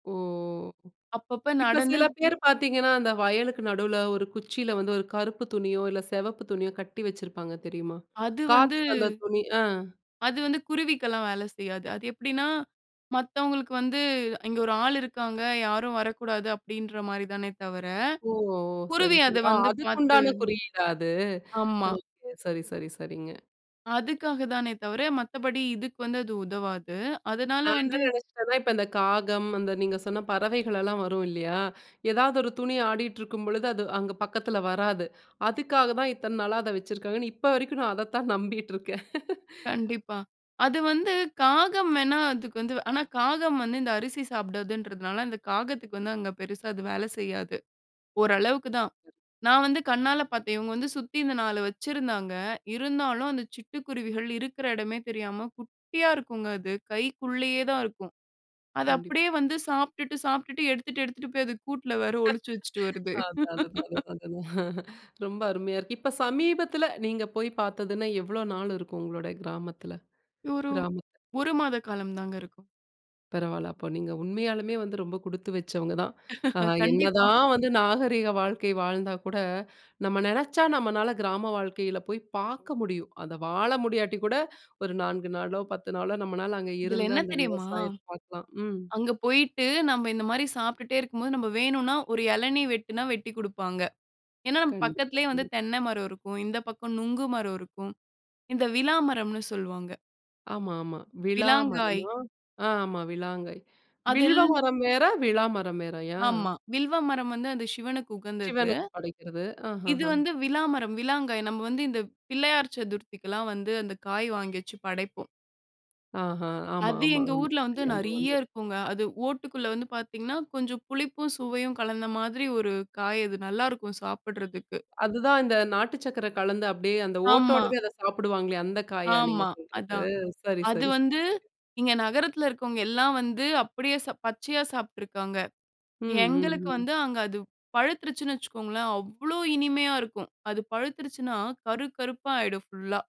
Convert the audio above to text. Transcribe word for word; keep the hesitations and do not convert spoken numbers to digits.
ஓ! அப்பப்போ இப்ப நடந்து சில பேர் பார்த்தீங்கன்னா, அந்த வயலுக்கு நடுல ஒரு குச்சியில வந்து ஒரு கருப்பு துணியோ இல்ல சிவப்பு துணியோ கட்டி வச்சிருப்பாங்க தெரியுமா? அது வந்து காத்துக்கு அந்த துணி ஆ. அது வந்து குருவிக்கெல்லாம் வேல செய்யாது. அது எப்டினா, "மத்தவங்களுக்கு வந்து இங்க ஒரு ஆளு இருக்காங்க, யாரும் வரக்கூடாது." அப்டின்ற மாரி தானே தவர, ஓ! சரி, குருவி அத சரி ஆ வந்து அதுக்கு பார்த்து உண்டான குறியீடா அது? அ ஆமா. சரி, சரி, சரிங்க. அதுக்காக தானே தவர, மத்தபடி இதுக்கு வந்து அது உதவாது. அதனால நான் என்ன வந்து நெனைச்சிட்டேன்னா, இப்ப இந்த காகம், அந்த நீங்க சொன்ன பறவைகள்லாம் வரும் இல்லையா? எதாவது ஒரு துணி ஆடியிட்டு இருக்கும் பொழுது அது அங்கே பக்கத்தில வராது. அதுக்காக தான் இத்தன நாளா அத வச்சுருக்காங்கன்னு இப்ப வரைக்கும் நான் அதைத்தான் நம்பிகிட்டு இருக்கேன். கண்டிப்பா. அது வந்து காகம் வேணா அதுக்கு வந்து ஆனா காகம் வந்து இந்த அரிசி சாப்பிடாதுன்றதுனால, அந்த காகத்துக்கு வந்து அங்க பெருசா அது வேல செய்யாது. ஓரளவுக்கு தான். நான் வந்து கண்ணால பார்த்தேன். இவங்க வந்து சுத்தி இந்த நாலு வச்சிருந்தாங்க இருந்தாலும் அந்த சிட்டுக்குருவிகள் இருக்கிற இடமே தெரியாம குட்டியா இருக்குங்க அது, கைக்குள்ளேயே தான் இருக்கும். அத கண்டிப் அப்டியே வந்து சாப்பிட்டுட்டு சாப்பிட்டுட்டு எடுத்துட்டு எடுத்துட்டு போய் அது கூட்ல வேற ஒழிச்சு வச்சுட்டு வருது. அதுதான் அதுதான் அதுதான் அதுதான். ரொம்ப அருமையா இருக்கு. இப்ப சமீபத்தில நீங்க போய் பார்த்ததுன்னா, எவ்வளோ நாள் இருக்கும் உங்களோட கிராமத்தில? ஒரு கிராமத் ஒரு மாத காலம் தாங்க இருக்கும். பரவால்ல. அப்ப நீங்க உண்மையாலுமே வந்து ரொம்ப குடுத்து வச்சவங்க தான். ஆ கண்டிப்பா. என்னதான் வந்து நாகரீக வாழ்க்கை வாழ்ந்தா கூட, நம்ம நெனைச்சா நம்மனால கிராம வாழ்க்கையில போய் பார்க்க முடியும். அத வாழ முடியாட்டி கூட ஒரு நான்கு நாளோ, பத்து நாளோ நம்மனால அங்கே இதில இருந்து என்ன அந்த தெரியுமா? விவசாயத்தை பார்க்கலாம். ம். அங்க போய்ட்டு, நம்ம இந்த மாரி சாப்பிட்டே இருக்கும்போது, நம்ம வேணும்னா ஒரு இளநீர் வெட்டினா வெட்டிக் குடுப்பாங்க. ஏன்ன, நம்ம கண்டிப்பா. பக்கத்திலயே வந்து ம். தென்னை மரம் இருக்கும். இந்த பக்கம் நுங்கு மரம் இருக்கும். இந்த விழா மரம்ன்னு சொல்லுவாங்க. ஆமா, ஆமா. விழா விளாங்காய். மரமா? ஆ ஆமா விளாங்கை. வில்வ அதெல் மரம் வேற விழா மரம் வேறயா? ஆமா. வில்வ மரம் வந்து அந்த சிவனுக்கு உகந்தது. சிவனுக்கு படைக்கிறது. இது ஆஹஹ. வந்து விளாமரம். விளாங்காய். நம்ம வந்து இந்த பிள்ளையார் சதுர்த்திக்கு எல்லாம் வந்து அந்த காய் வாங்கி வச்சு படைப்போம். ஆஹா! ஆமா, அது ஆமா, எங்க ஆமா. ஊர்ல வந்து ஞாபகம் வந்து நெறைய இருக்குங்க. அது ஓட்டுக்குள்ள வந்து பார்த்தீங்கன்னா, கொஞ்சம் புளிப்பும் சுவையும் கலந்த மாதிரி ஒரு காய் அது. நல்லாருக்கும் சாப்பிடறதுக்கு. அதுதான் அந்த நாட்டு சக்கரை கலந்து அப்டியே அந்த ஆமா. ஓட்டோடவே அத சாப்பிடுவாங்களே அந்த காயா நீங்க ஆமா, சொல்றது? அதான். சரி, அது சரி, சரி. வந்து இங்க நகரத்தில இருக்கிறவங்க எல்லாம் வந்து அப்டியே ச பச்சையா சாப்பிட்டு இருக்காங்க. ம், ம், எங்களுக்கு ம். வந்து அங்க அது பழுத்திருச்சின்னு வச்சிக்கொங்களேன், அவ்ளோ இனிமையா இருக்கும். அது பழுத்திருச்சின்னா கரு கருப்பா ஆயிடும் ஃபுல்லா.